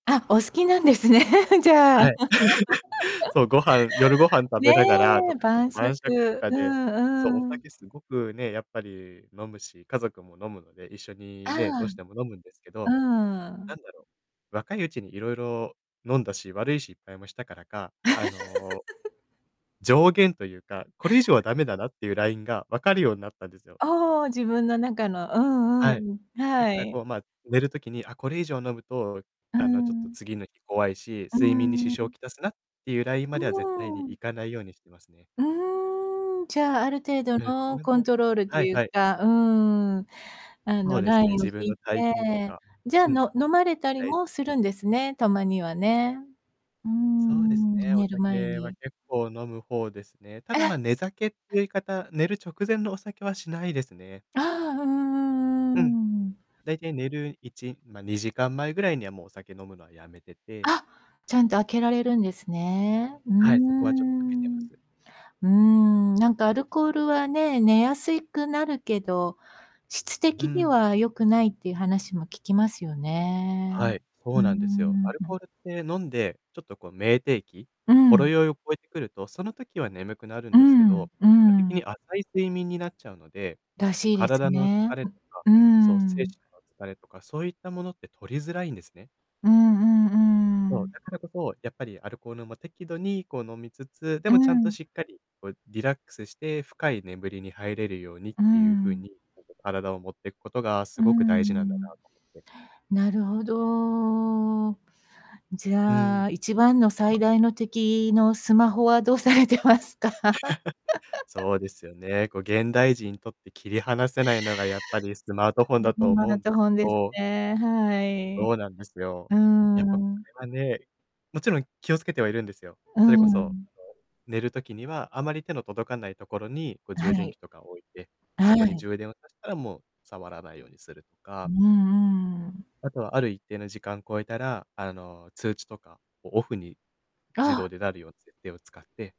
あ、お好きなんですね、じゃあ。はい。そう、ご飯夜ご飯食べね、ながら 晩晩酌と酌。かうで、そう、おんう酒ん。すごくね、やっぱり飲むし、家族も飲むので、一緒あにね、どうしても飲むんですけあ。ど、うなん。んだろう、若いうちにいろいろ飲んだし、悪い失敗もしたからか、あの、上限というか、これ以上はダメだなっていうラインが分かるようになったんですよ。ああ、自分の中のうんうはい、んうん。だかはらい。こう、ま、寝るときに、あ、これ以上飲むと、うあの、ちょっとん。次の日怖いし、う睡眠に支ー障をん。きたすなっていうラインうまでは絶対にーん。行かないようにしていますね。うーん、じゃあ、ある程度ええ、そのれコンもトロールとはいいうはい。か、うーん。あそのうでラすね、インを自分引いの体調とて、か。じゃあ、うん。の飲まれたりはい。もするんですね。たまにはね。うーそうですん、ね、お寝る前酒はに結構飲む方ですね。ただ、え。ま、寝酒って言い方、寝る直前のお酒はしないですね。ああ。うんううん。ん、うーん。だいたい寝る1ま、2時間前ぐらいにはもうお酒飲むのはやめててあ、ちゃんと開けられるんですね。うーはい、そこはちょっと開けてまん。うす。ーん。なんかアルコールはね、寝やすいくなるけど、質う的にん。は良くないっていう話も聞きますよね。はい、うそーうなんですよ。アルん。コールって飲んで、ちょっとこう酩酊期うほろん。酔いを超えてくると、その時は眠くなるんうですけん、ど、う結果的ん。に浅い睡眠になっちゃうので、らしいです体の疲ね。れとか、うーそう、精神ん。の疲れとか、そういったものって取りづらいんですね。うんうん、うそう、ーだん。からこそ、やっぱりアルコールも適度にこう飲みつつ、でうもちゃんとん。しっかり、こうリラックスして、深い眠りに入れるようにっうていう風ん。に、体を持っていくことがすうごく大事なんだなん。と思って。なるほど。じうゃん。あ一番の最大の敵のスマホはどうされてますか？そうですよね。こう現代人にとって切り離せないのが、やっぱりスマートフォン だスとマ思うーんトでフすけォンですど。ね、はい。うそうなんですよ。ーやっぱこん。れはね、もちろん気をつけてはいるんですよ。うそれこそ、あの、ん。寝る時には、あまり手の届かないところに、こうは充電い。器とかを置いて、そはこにい。充電をさしたらもう触らないようにするとうか。んうん。あとは、ある一定の時間超えたら、あの通知とかをオフに自あ動あ。でなるような設定を使って